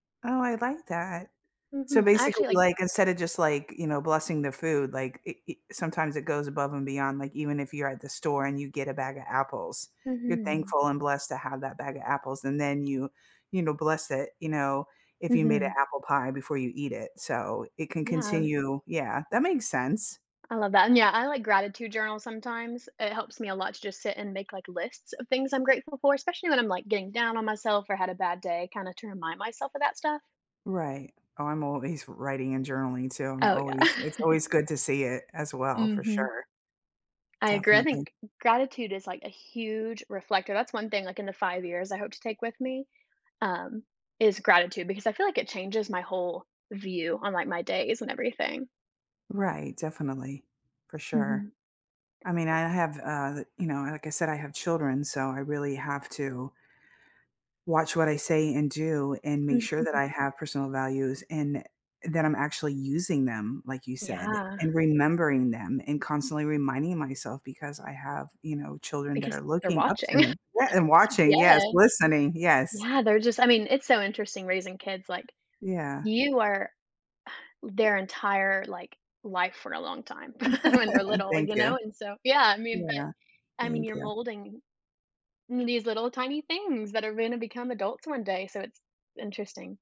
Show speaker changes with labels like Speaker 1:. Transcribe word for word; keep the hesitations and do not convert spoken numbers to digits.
Speaker 1: Oh, I like that. So
Speaker 2: Mm-mm, I
Speaker 1: basically,
Speaker 2: actually, like
Speaker 1: like, instead of just, like, you know, blessing the food, like, it it sometimes it goes above and beyond, like, even if you're at the store and you get a bag of apples, you're
Speaker 2: Mhm.
Speaker 1: thankful and blessed to have that bag of apples, and then you, you know, bless it, you know, if you made an
Speaker 2: Mhm.
Speaker 1: apple pie before you eat it, so it can
Speaker 2: Yeah.
Speaker 1: continue Yeah, that makes sense.
Speaker 2: I love that, and yeah, I like gratitude journals sometimes, it helps me a lot to just sit and make, like, lists of things I'm grateful for, especially when I'm, like, getting down on myself, or had a bad day, kinda to remind myself of that stuff.
Speaker 1: Right. Oh, I'm always writing and journaling, too. I'm
Speaker 2: Oh yeah.
Speaker 1: always It's always good to see it as well, for
Speaker 2: Mhm.
Speaker 1: sure.
Speaker 2: I agree, I
Speaker 1: Definitely.
Speaker 2: think gratitude is like a huge reflector, that's one thing, like, in the five years, I hope to take with me, um, is gratitude, because I feel like it changes my whole view on, like, my days and everything.
Speaker 1: Right, definitely, for sure.
Speaker 2: Mhm.
Speaker 1: I mean, I have, uh, the you know, like I said, I have children, so I really have to watch what I say and do, and make sure that
Speaker 2: Mhm.
Speaker 1: I have personal values, and it that I'm actually using them, like you said,
Speaker 2: Yeah.
Speaker 1: and remembering them, and constantly reminding myself, because I have, you know, children that
Speaker 2: Because
Speaker 1: are
Speaker 2: they're
Speaker 1: looking up to
Speaker 2: watching.
Speaker 1: me. Yeah, and watching, yes,
Speaker 2: Yes.
Speaker 1: listening, yes.
Speaker 2: Yeah, they're just I mean, it's so interesting raising kids like
Speaker 1: Yeah.
Speaker 2: You are their entire, like, life for a long time when they're little,
Speaker 1: Thank
Speaker 2: you
Speaker 1: you.
Speaker 2: know, and so Yeah, I mean,
Speaker 1: Yeah.
Speaker 2: but I mean,
Speaker 1: Thank
Speaker 2: you're
Speaker 1: you.
Speaker 2: molding m these little tiny things that are gonna become adults one day, so it's interesting.